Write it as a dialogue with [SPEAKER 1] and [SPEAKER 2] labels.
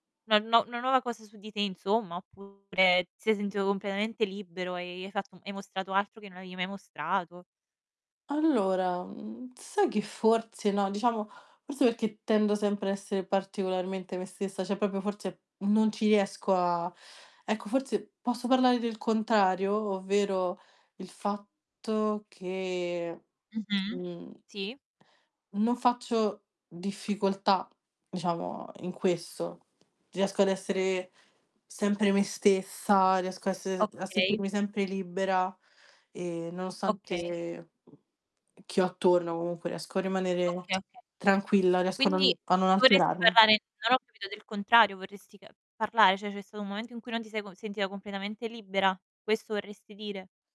[SPEAKER 1] No no una nuova cosa su di te insomma oppure ti sei sentito completamente libero e hai fatto hai mostrato altro che non avevi mai mostrato.
[SPEAKER 2] Allora, mhmm, sai che forse no, diciamo, forse perché tendo sempre a essere particolarmente me stessa, cioè proprio forse non ci riesco a ecco, forse posso parlare del contrario, ovvero il fatto che,
[SPEAKER 1] Mh-mh,
[SPEAKER 2] mhmm
[SPEAKER 1] sì.
[SPEAKER 2] non faccio difficoltà, diciamo in questo. Riesco ad essere sempre me stessa, riesco a s a
[SPEAKER 1] Okay.
[SPEAKER 2] sentirmi sempre libera e
[SPEAKER 1] Okay.
[SPEAKER 2] nonostante chi ho attorno, comunque riesco a rimanere
[SPEAKER 1] Okay, okay.
[SPEAKER 2] tranquilla, riesco a non
[SPEAKER 1] Quindi
[SPEAKER 2] a non
[SPEAKER 1] dovresti
[SPEAKER 2] alterarmi.
[SPEAKER 1] parlare non ho capito del contrario, vorresti ca parlare? Cioè, c'è stato un momento in cui non ti sei con sentita completamente libera, questo vorresti dire?